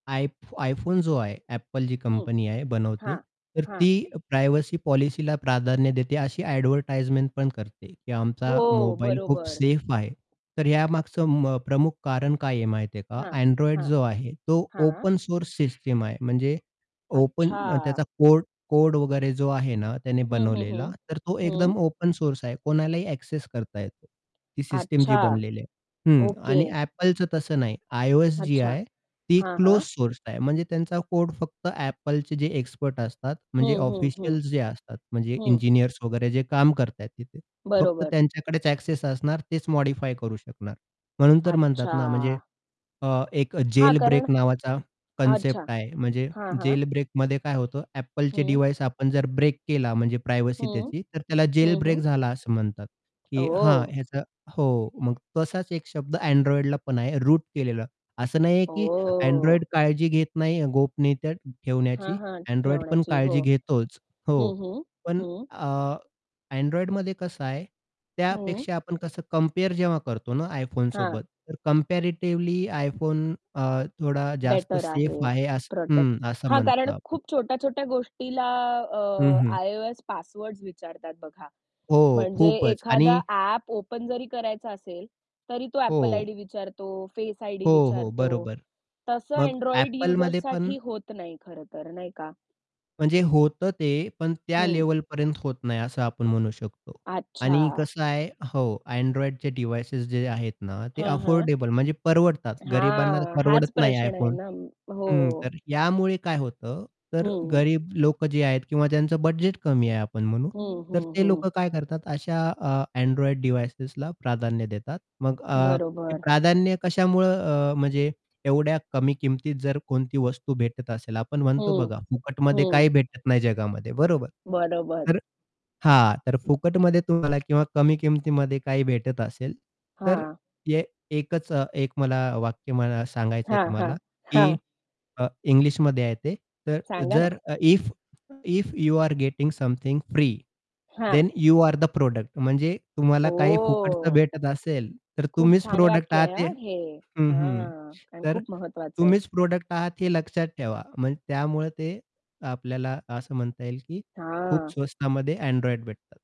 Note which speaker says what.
Speaker 1: I iPhone जो आहे, Apple जी
Speaker 2: हं.
Speaker 1: कंपनी आहे बनवते,
Speaker 2: हां,
Speaker 1: तर
Speaker 2: हां.
Speaker 1: ती प्रायव्हसी पॉलिसीला प्राधान्य देते. अशी ॲडव्हर्टाइजमेंट पण करते, की आमचा
Speaker 2: हो,
Speaker 1: मोबाईल खूप
Speaker 2: बरोबर.
Speaker 1: सेफ आहे. तर या मागचं मग प्रमुख कारण काय आहे, माहिती आहे का?
Speaker 2: हां,
Speaker 1: Android
Speaker 2: हां,
Speaker 1: जो आहे, तो
Speaker 2: हां.
Speaker 1: ओपन सोर्स सिस्टम आहे. म्हणजे ओपन
Speaker 2: अच्छा.
Speaker 1: त्याचा कोड कोड वगैरे जो आहे ना, त्याने
Speaker 2: हं, हं,
Speaker 1: बनवलेला.
Speaker 2: हं.
Speaker 1: तर तो
Speaker 2: हं.
Speaker 1: एकदम ओपन सोर्स आहे. कोणालाही एक्सेस करता येतो. ती सिस्टम जी
Speaker 2: अच्छा,
Speaker 1: बनलेली आहे. हं.
Speaker 2: ओके.
Speaker 1: आणि Appleचं तसं नाही. iOS जी
Speaker 2: अच्छा,
Speaker 1: आहे, ती
Speaker 2: हां,
Speaker 1: क्लोज
Speaker 2: हां.
Speaker 1: सोर्स आहे. म्हणजे त्यांचा कोड फक्त Appleचे जे एक्सपर्ट असतात, म्हणजे
Speaker 2: हं, हं, हं.
Speaker 1: ऑफिशियल्स जे असतात, म्हणजे
Speaker 2: हं.
Speaker 1: इंजिनिअर्स वगैरे जे काम करत आहेत तिथे, फक्त
Speaker 2: बरोबर.
Speaker 1: त्यांच्याकडेच एक्सेस असणार. तेच मॉडिफाय करू शकणार. म्हणून तर म्हणतात ना, म्हणजे,
Speaker 2: अच्छा.
Speaker 1: अ, एक
Speaker 2: हां,
Speaker 1: जेल
Speaker 2: कारण
Speaker 1: ब्रेक नावाचा कन्सेप्ट
Speaker 2: अच्छा,
Speaker 1: आहे. म्हणजे
Speaker 2: हां, हां.
Speaker 1: जेल ब्रेकमध्ये काय होतं, Appleचे
Speaker 2: हं.
Speaker 1: डिव्हाइस आपण जर ब्रेक केला, म्हणजे प्रायव्हसी
Speaker 2: हं.
Speaker 1: त्याची, तर त्याला जेल
Speaker 2: हं,
Speaker 1: ब्रेक
Speaker 2: हं.
Speaker 1: झाला असं म्हणतात. की हा
Speaker 2: ओ!
Speaker 1: ह्याचा हो. मग तसाच एक शब्द Androidला पण आहे, रूट केलेला. असं नाहीये की
Speaker 2: ओ!
Speaker 1: Android काळजी घेत नाही गोपनीयतेत
Speaker 2: हां,
Speaker 1: ठेवण्याची.
Speaker 2: हां.
Speaker 1: Androidपण
Speaker 2: ठेवण्याची, हो.
Speaker 1: काळजी घेतोच. हो.
Speaker 2: हं, हं.
Speaker 1: पण,
Speaker 2: हं.
Speaker 1: अ, Androidमध्ये कसं आहे,
Speaker 2: हं.
Speaker 1: त्यापेक्षा आपण कसं कंपेअर जेव्हा करतो ना
Speaker 2: हां.
Speaker 1: iPhoneसोबत, तर कंपॅरेटिव्हली iPhone, अ, थोडा जास्त
Speaker 2: बेटर
Speaker 1: सेफ
Speaker 2: आहे
Speaker 1: आहे
Speaker 2: प्रोटेक्ट
Speaker 1: हं, असं
Speaker 2: हां,
Speaker 1: म्हणतो
Speaker 2: कारण
Speaker 1: आपण.
Speaker 2: खूप छोट्या-छोट्या गोष्टीला,
Speaker 1: हं,
Speaker 2: अ,
Speaker 1: हं.
Speaker 2: iOS पासवर्ड्स विचारतात बघा.
Speaker 1: हो,
Speaker 2: म्हणजे
Speaker 1: खूपच
Speaker 2: एखादा
Speaker 1: आणि
Speaker 2: ॲप ओपन जरी करायचं असेल, तरी तो Apple
Speaker 1: हो.
Speaker 2: आयडी विचारतो, फेस आयडी
Speaker 1: हो, हो,
Speaker 2: विचारतो.
Speaker 1: बरोबर.
Speaker 2: तसं
Speaker 1: मग
Speaker 2: Android
Speaker 1: Appleमध्ये पण
Speaker 2: युजर्ससाठी होत नाही, खरं तर नाही का?
Speaker 1: म्हणजे होतं, ते पण त्या
Speaker 2: हं.
Speaker 1: लेव्हलपर्यंत होत नाही, असं आपण म्हणू शकतो. आणि
Speaker 2: अच्छा.
Speaker 1: कसं आहे हो, Androidचे डिव्हाइसेस जे आहेत ना, ते
Speaker 2: हां, हां.
Speaker 1: अफोर्डेबल, म्हणजे परवडतात. गरीबांना
Speaker 2: हां, हाच
Speaker 1: परवडत नाही
Speaker 2: प्रश्न आहे
Speaker 1: iPhone.
Speaker 2: ना. हो.
Speaker 1: हं. तर यामुळे काय होतं, तर
Speaker 2: हं.
Speaker 1: गरीब लोकं जे आहेत किंवा त्यांचं बजेट कमी आहे, आपण म्हणू,
Speaker 2: हं,
Speaker 1: तर
Speaker 2: हं,
Speaker 1: ते
Speaker 2: हं.
Speaker 1: लोकं काय करतात, अशा, अ, Android डिव्हाइसेसला प्राधान्य देतात. मग अ, ते
Speaker 2: बरोबर.
Speaker 1: प्राधान्य कशामुळं, अ, म्हणजे एवढ्या कमी किमतीत जर कोणती वस्तू भेटत असेल, आपण म्हणतो
Speaker 2: हं,
Speaker 1: बघा, फुकटमध्ये
Speaker 2: हं.
Speaker 1: काही भेटत नाही जगामध्ये, बरोबर.
Speaker 2: बरोबर.
Speaker 1: तर हां, तर फुकटमध्ये तुम्हाला किंवा कमी किमतीमध्ये काही भेटत असेल, तर
Speaker 2: हां.
Speaker 1: एक एकचं मला वाक्य, मला सांगायचंय
Speaker 2: हां, हां,
Speaker 1: तुम्हाला की,
Speaker 2: हां.
Speaker 1: अ, इंग्लिशमध्ये आहे ते. तर
Speaker 2: सांगा ना.
Speaker 1: जर if if you are getting something free
Speaker 2: हां.
Speaker 1: Then you are the product म्हणजे तुम्हाला काही फुकटचं
Speaker 2: ओह!
Speaker 1: भेटत असेल, तर
Speaker 2: खूप
Speaker 1: तुम्हीच
Speaker 2: छान
Speaker 1: प्रॉडक्ट
Speaker 2: वाक्य
Speaker 1: आहात
Speaker 2: आहे
Speaker 1: ते
Speaker 2: हां, हे.
Speaker 1: हं, हं.
Speaker 2: हा, आणि
Speaker 1: तर
Speaker 2: खूप महत्त्वाचं आहे.
Speaker 1: तुम्हीच प्रॉडक्ट आहात, हे लक्षात ठेवा. म्हणजे त्यामुळे ते आपल्याला असं म्हणता येईल की, खूप
Speaker 2: हां.
Speaker 1: स्वस्तामध्ये Android भेटतात.